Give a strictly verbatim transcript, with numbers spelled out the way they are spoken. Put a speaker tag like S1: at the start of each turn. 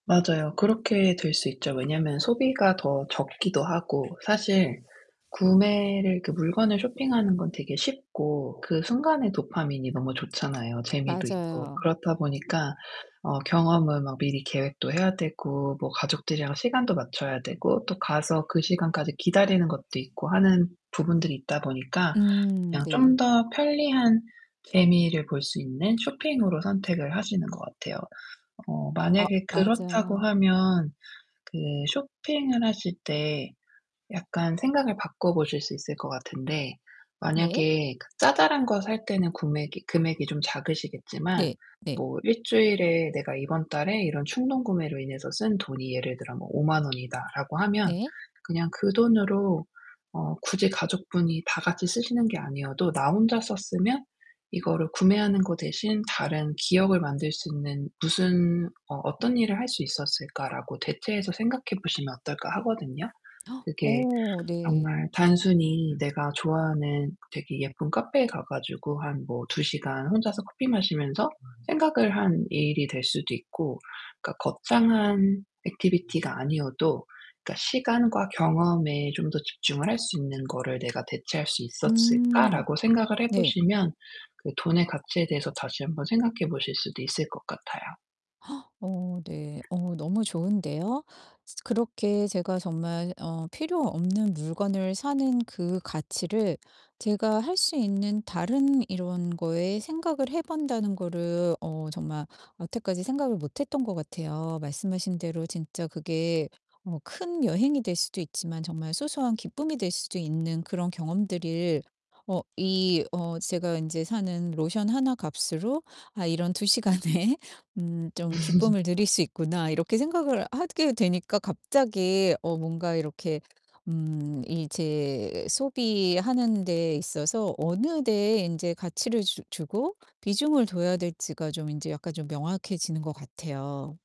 S1: 맞아요, 그렇게 될 수 있죠. 왜냐면 소비가 더 적기도 하고 사실 구매를 그 물건을 쇼핑하는 건 되게 쉽고 그 순간에 도파민이 너무 좋잖아요, 재미도 있고.
S2: 맞아요.
S1: 그렇다 보니까 어 경험을 막 미리 계획도 해야 되고 뭐 가족들이랑 시간 맞춰야 되고 또 가서 그 시간까지 기다리는 것도 있고 하는 부분들이 있다 보니까
S2: 음
S1: 그냥
S2: 네.
S1: 좀 더 편리한 재미를 볼 수 있는 쇼핑으로 선택을 하시는 것 같아요. 어
S2: 아
S1: 만약에 그렇다고
S2: 맞아요.
S1: 하면 그 쇼핑을 하실 때 약간 생각을 바꿔 보실 수 있을 것 같은데
S2: 네.
S1: 만약에 그 자잘한 거 살 때는 굼액이 금액이 좀 작으시겠지만
S2: 네 네.
S1: 뭐 일 주일에 내가 이번 달에 이런 충동구매로 인해서 쓴 돈이 예를 들어 뭐 '오만 원이다.'라고 하면
S2: 네.
S1: 그냥 그 돈으로 어 굳이 가족분이 다 같이 쓰시는 게 아니어도 '나 혼자 썼으면 이거를 구매하는 거 대신 다른 기억을 만들 수 있는 무슨 어 어떤 일을 할 수 있었을까'라고 대체해서 생각해 보시면 어떨까 하거든요. 그게
S2: 어 네.
S1: 정말 단순히 내가 좋아하는 되게 예쁜 카페에 가 가지고 한 뭐 두 시간 혼자서 커피 마시면서 생각을 하는 일이 될 수도 있고 그러니까 '거창한 액티비티가 아니어도 그러니까 시간과 경험에 좀 더 집중을 할 수 있는 거를 내가 대체할 수
S2: 음.
S1: 있었을까?'라고 생각을 해
S2: 네.
S1: 보시면 그 돈의 가치에 대해서 다시 한 번 생각해 보실 수도 있을 것 같아요.
S2: 어 네. 어 너무 좋은데요? 스 그렇게 제가 정말 어 필요 없는 물건을 사는 그 가치를 제가 할 수 있는 다른 이런 거에 생각을 해 본다는 거를 어 정말 여태까지 생각을 못 했던 것 같아요. 말씀하신 대로 진짜 그게 뭐 큰 여행이 될 수도 있지만 정말 소소한 기쁨이 될 수도 있는 그런 경험들을 어 이 어 제가 인제 사는 '로션 하나 값으로 아 이런 두 시간에 음 좀
S1: 음.
S2: 기쁨을 누릴 수 있구나.' 이렇게 생각을 하게 되니까 갑자기 어 뭔가 이렇게 음 이 제 소비하는 데에 있어서 어느 데에 이제 가치를 주 주고 비중을 둬야 될지가 좀 인제 약간 좀 명확해지는 것 같아요.